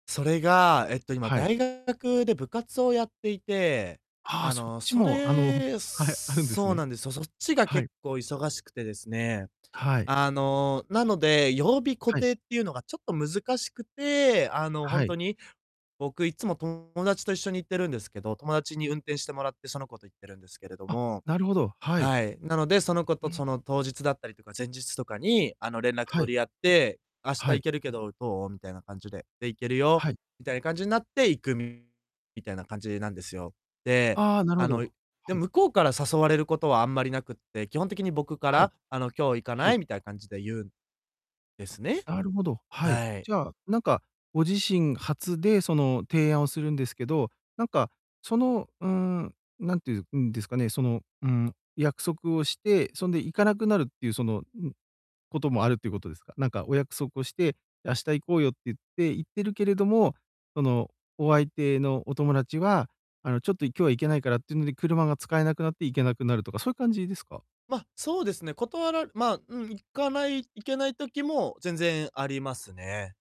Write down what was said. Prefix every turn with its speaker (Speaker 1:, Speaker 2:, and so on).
Speaker 1: それが、えっと、今
Speaker 2: はい。
Speaker 1: 大学で部活をやっていて、
Speaker 2: ああ、
Speaker 1: あ
Speaker 2: そっ
Speaker 1: の、
Speaker 2: ち
Speaker 1: そ
Speaker 2: も、あの、
Speaker 1: れ
Speaker 2: はい、あるんです
Speaker 1: そう
Speaker 2: ね。
Speaker 1: なんですよ。そっちが
Speaker 2: は
Speaker 1: 結
Speaker 2: い。
Speaker 1: 構忙しくてですね。
Speaker 2: はい。
Speaker 1: あの、なので、曜日固
Speaker 2: はい。
Speaker 1: 定っていうのがちょっと難しくて、あの、ほ
Speaker 2: は
Speaker 1: んと
Speaker 2: い。
Speaker 1: に、僕いつも友達と一緒に行ってるんですけど、友達に運転してもらって、その子と行ってるんですけれど
Speaker 2: あ、
Speaker 1: も。
Speaker 2: なるほど。はい。
Speaker 1: はい、なので、その子
Speaker 2: う、う
Speaker 1: と
Speaker 2: ん。
Speaker 1: その当日だったりとか、前日とかに、あの、連絡
Speaker 2: はい。
Speaker 1: 取り合って「明日
Speaker 2: は
Speaker 1: 行
Speaker 2: い。
Speaker 1: けるけど、どう？」みたいな感じで。で、「行けるよ」
Speaker 2: はい。
Speaker 1: みたいな感じになって、行くみたいな感じなんですよ。で、
Speaker 2: ああ、なるほ
Speaker 1: あ
Speaker 2: ど、
Speaker 1: の、で
Speaker 2: はい。
Speaker 1: 向こうから誘われることはあんまりなくって、基本的に僕か
Speaker 2: はい。
Speaker 1: らあの「今日行か
Speaker 2: は
Speaker 1: な
Speaker 2: い。
Speaker 1: い？」みたいな感じで言うんですね。
Speaker 2: なるほど、はい。
Speaker 1: はい。
Speaker 2: じゃあ、なんか、ご自身発でその提案をするんですけど、なんか、その、うーん、何ていう、うん、ですかね、その、うん、約束をして、そんで行かなくなるっていうその、うん、こともあるっていうことですか。なんかお約束をして、明日行こうよって言って言ってるけれども、そのお相手のお友達は、あの、ちょっと、い今日は行けないからっていうので、車が使えなくなって行けなくなるとか、そういう感じですか？
Speaker 1: ま、そうですね、断らまあ、うん、行かない行けない時も、全然ありますね。